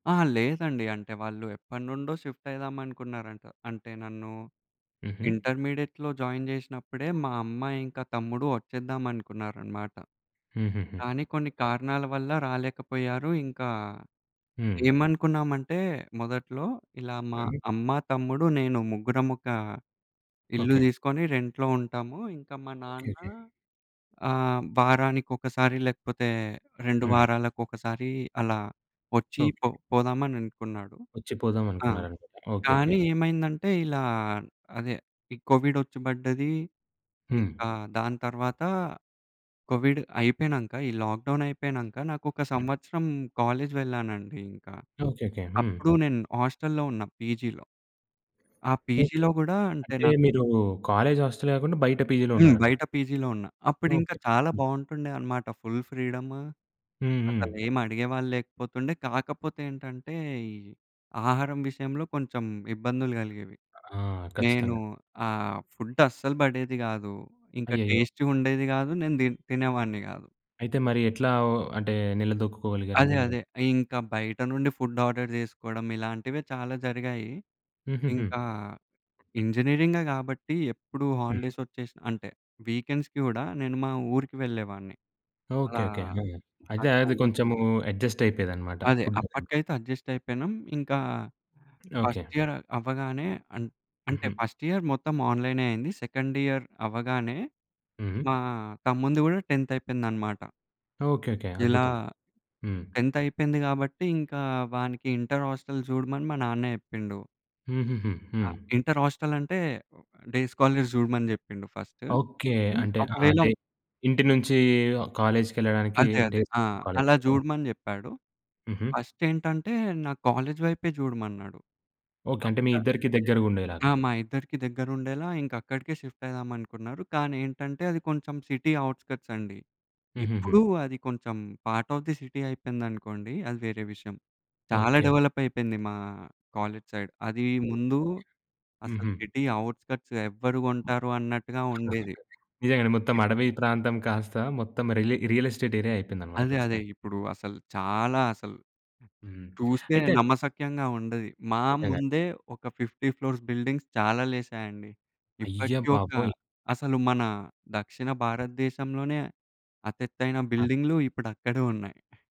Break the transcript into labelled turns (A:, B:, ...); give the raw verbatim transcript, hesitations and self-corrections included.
A: ఆ! లేదండి అంటే వాళ్ళు ఎప్పటినుండో షిఫ్ట్ అయిదాం అనుకున్నారంట. అంటే నన్ను
B: హుహు.
A: ఇంటర్మీడియట్‌లో జాయిన్ జేసినప్పుడే మా అమ్మా ఇంకా తమ్ముడు వచ్చేద్దాం అనుకున్నారన్నమాట.
B: హుహుహు.
A: కానీ కొన్ని
B: ఓకే.
A: కారణాల వల్ల రాలేకపోయారు. ఇంకా
B: హ్మ్.
A: ఏమనుకున్నామంటే మొదట్లో ఇలా మా
B: హుహు.
A: అమ్మ, తమ్ముడు, నేను ముగ్గురం ఒక ఇల్లు
B: ఓకే.
A: దీసుకొని రెంట్‌లో ఉంటాము, ఇంకా మా
B: ఓకే.
A: నాన్న
B: ఓకే.
A: ఆహ్, వారానికొకసారి లేకపోతే, రెండు
B: హ్మ్.
A: వారాలకు ఒకసారి అలా వచ్చి
B: ఓకే.
A: పొ పోదామని అనుకున్నాడు.
B: వచ్చిపోదాం
A: ఆ!
B: అనుకున్నారు? ఓకే. ఓకే.
A: కానీ ఏమైందంటే, ఇలా అదే ఈ కోవిడ్ వచ్చి బడ్డది.
B: హ్మ్.
A: ఇంక దాని తర్వాత కోవిడ్ అయిపోయినంక, ఈ లాక్ డౌన్ అయిపోయినంక నాకొక
B: హ్మ్.
A: సంవత్సరం కాలేజ్ వెళ్ళానండి ఇంకా.
B: ఓకే. ఓకే. హ్మ్.
A: అప్పుడు నేను హాస్టల్‌లో ఉన్న పీజీలో. ఆ
B: ఓకే.
A: పీజీలో గూడా అంటే
B: అంటే
A: నాకు
B: మీరు కాలేజ్ హాస్టల్ గాకుండా? బయట పీజీలో
A: హ్మ్.
B: ఉన్నారన్నమాట.
A: బయట పీజీలో ఉన్న అప్పుడు ఇంకా
B: ఓకే.
A: చాలా
B: హ్మ్.
A: బావుంటుండే అన్నమాట. Full freedom!
B: హ్మ్. హ్మ్.
A: అసలేమి అడిగేవాళ్ళు లేకపోతుండే. కాకపోతే ఏంటంటే, ఈ ఆహారం విషయంలో కొంచెం ఇబ్బందులు గలిగేవి.
B: ఆ!
A: నేను
B: ఖచ్చితంగా.
A: ఆహ్, ఫుడ్ అస్సలు బడేది గాదు, ఇంకా
B: అయ్యయ్యో!
A: టెస్ట్‌గా ఉండేది గాదు. నేను తి తినేవాడిని గాదు.
B: అయితే మరి ఎట్లా ఓ అంటే నిలదొక్కుకోగలిగారండి
A: అదే
B: మీరు?
A: అదే! ఇంకా బయట నుండి ఫుడ్ ఆర్డర్ జేసుకోవడం ఇలాంటివె చాలా జరిగాయి.
B: హుహుహు.
A: ఇంకా ఇంజినీరింగే గాబట్టి ఎప్పుడు
B: హ్మ్.
A: హాలిడేస్ వచ్చేసి, అంటే వీకెండ్స్‌కి గూడా నేను మా ఊరికి వెళ్ళేవాడిన్ని.
B: ఓకే.
A: అలా
B: ఓకే. హ్మ్. అయితే
A: అట్లా
B: అది
A: ఉ
B: కొంచెం అడ్జస్ట్ అయిపోయేదన్నమాట
A: అదే
B: ఫుడ్‌ది.
A: అప్పటికైతే అడ్జస్ట్ అయిపెనం. ఇంకా
B: ఓకే.
A: ఫస్ట్ ఇయర్ అవ్వగానే, అం అంటే
B: హుహు.
A: ఫస్ట్ ఇయర్ మొత్తం ఆన్‌‌లైనే అయింది. సెకండ్ ఇయర్ అవ్వగానే,
B: హుహు.
A: మా తమ్మునిది గూడా టెంత్ అయిపోయిందన్నమాట.
B: ఓకే. ఓకే.
A: ఇలా,
B: అద్భుతం హ్మ్.
A: టెంత్ అయిపోయింది గాబట్టి, ఇంకా వానికి ఇంటర్ హాస్టల్ చూడమని మా నాన్న జెప్పిండు.
B: హుహుహు. హ్మ్.
A: ఇంటర్ హాస్టలంటే డే స్కాలర్స్ చూడమని జెప్పిండు ఫస్ట్.
B: ఓకే.
A: హ్మ్.
B: అంటే ఆ
A: ఒకవేళ
B: అంటే ఇంటి నుంచి కాలేజ్‌కెళ్ళడానికి
A: అదే. అదే.
B: డేస్
A: ఆ!
B: కాలేజ్
A: అలా
B: బయట.
A: జూడమని జెప్పాడు.
B: హుహు.
A: ఫస్ట్ ఏంటంటే, నా కాలేజ్ వైపే జూడమన్నాడు.
B: ఓకే. అంటే మీ
A: పక్క
B: ఇద్దరికీ దగ్గరగుండేలాగా.
A: ఆ! మా ఇద్దరికీ దగ్గరుండేలా ఇంక అక్కడికే షిఫ్ట్ అయిదాం అనుకున్నారు. కానీ ఏంటంటే అది కొంచెం సిటీ ఔట్‌స్కర్ట్స్ అండి. ఇప్పుడు
B: హుహుహు.
A: అది కొంచెం పార్ట్ ఆఫ్ ది సిటీ అయిపోయిందనుకోండి. అది వేరే విషయం. చాలా
B: ఓకే.
A: డెవలప్ అయిపోయింది మా కాలేజ్‌సైడ్. అది
B: ఓకే.
A: ముందు అసలు
B: హుహు.
A: సిటీ ఔట్‌స్కర్ట్స్ ఎవ్వరు గొంటారు? అన్నట్టుగా ఉండేది.
B: నిజంగానే మొత్తం అడవి ప్రాంతం కాస్త మొత్తం రిలి రియల్ ఎస్టేట్ ఏరియా అయిపోయింది అన్నమాట
A: అదే.అదే!
B: ఖచ్చితంగా.
A: ఇప్పుడు అసలు చాలా అసలు
B: హ్మ్.
A: చూస్తే
B: అయితే అండి
A: నమ్మశక్యంగా ఉండది. మా
B: నిజంగా.
A: ముందే ఒక ఫిఫ్టీ ఫ్లోర్స్ బిల్డింగ్స్ చాలా లేసాయండి.
B: అయ్య
A: ఇప్పటి ఒక్క
B: బాబోయ్!
A: అసలు మన దక్షిణ భారతదేశంలోనే అతి ఎత్తైన
B: ఆ!
A: బిల్డింగ్‌లు ఇప్పుడక్కడే ఉన్నాయి.